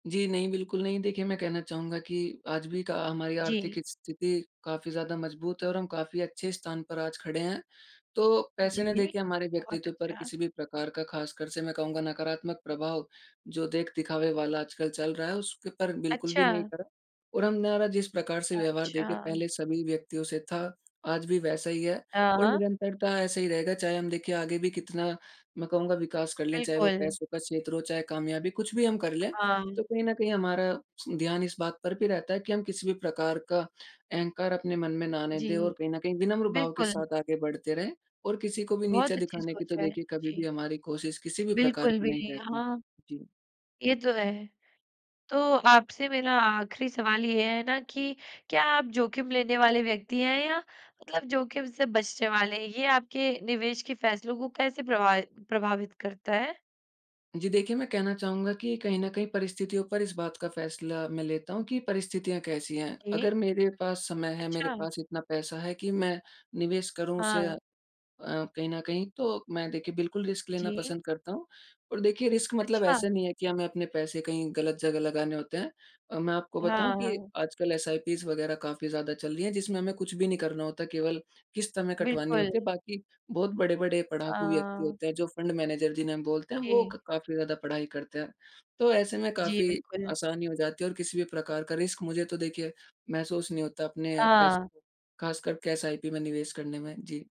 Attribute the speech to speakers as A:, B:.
A: जी नहीं, बिल्कुल नहीं। देखिए मैं कहना चाहूँगा कि आज भी क हमारी आर्थिक
B: जी।
A: स्थिति काफ़ी ज़्यादा मजबूत है और हम काफ़ी अच्छे स्थान पर आज खड़े हैं। तो पैसे ने देखिए
B: जी।
A: के हमारे
B: बहुत
A: व्यक्तित्व पर
B: अच्छा।
A: किसी भी प्रकार का ख़ासकर से मैं कहूँगा नकारात्मक प्रभाव जो देख-दिखावे वाला आजकल चल रहा है उसके पर बिल्कुल भी नहीं
B: अच्छा।
A: करा। और हम मेरा जिस प्रकार से व्यवहार देखिए
B: अच्छा।
A: पहले सभी व्यक्तियों से था आज भी वैसा ही है
B: अ,
A: और
B: हाँ।
A: निरंतरता ऐसे ही रहेगा चाहे हम देखिए आगे भी कितना मैं कहूँगा विकास कर लें, चाहे वो
B: बिल्कुल।
A: पैसों का क्षेत्र हो चाहे कामयाबी कुछ भी हम कर लें।
B: हाँ।
A: तो कहीं न कहीं हमारा ध्यान इस बात पर भी रहता है कि हम किसी भी प्रकार का अहँकार अपने मन में ना आने दें और
B: जी।
A: कहीं न कहीं विनम्र भाव के
B: बिल्कुल।
A: साथ आगे बढ़ते रहें और किसी को भी नीचा
B: बहुत अच्छी
A: दिखाने की तो
B: सोच है।
A: देखिए कभी भी
B: जी।
A: हमारी कोशिश किसी भी प्रकार
B: बिल्कुल
A: की
B: भी
A: नहीं
B: नहीं,
A: रहती।
B: हाँ।
A: जी।
B: ये तो है। तो आपसे मेरा आख़िरी सवाल ये है ना कि क्या आप जोखिम लेने वाले व्यक्ति हैं या मतलब जोखिम से बचने वाले हैं? ये आपके निवेश के फैसलों को कैसे प्रभाव प्रभावित करता है?
A: जी देखिए, मैं कहना चाहूँगा कि कहीं न कहीं परिस्थितियों पर इस बात का फैसला मैं लेता हूँ कि परिस्थितियाँ कैसी हैं? अगर
B: जी।
A: मेरे पास समय है, मेरे
B: अच्छा।
A: पास इतना पैसा है कि मैं निवेश करूँ उसे
B: हाँ।
A: अ, कहीं न कहीं तो मैं देखिए बिल्कुल रिस्क लेना
B: जी।
A: पसँद करता हूँ। और देखिए रिस्क मतलब
B: अच्छा।
A: ऐसा नहीं है कि हमें अपने पैसे कहीं गलत जगह लगाने होते हैं। अ, मैं आपको बताऊँ
B: हाँ,
A: कि
B: हाँ।
A: आजकल एसआईपीज़ वग़ैरह काफ़ी ज़्यादा चल रही हैं जिसमें हमें कुछ भी नहीं करना होता, केवल किस्त हमें कटवानी
B: बिल्कुल।
A: होती है बाकी बहुत बड़े-बड़े पढ़ाकू व्यक्ति
B: हाँ।
A: होते हैं जो फँड मैनेजर जिन्हें हम बोलते हैं वो
B: जी।
A: क काफ़ी ज़्यादा पढ़ाई करते हैं तो ऐसे में
B: जी,
A: काफ़ी
B: बिल्कुल।
A: आसानी हो जाती है। और किसी भी प्रकार का रिस्क मुझे तो देखिए महसूस नहीं होता अपने पैसों
B: हाँ।
A: को खासकर के एसआईपी में निवेश करने में। जी।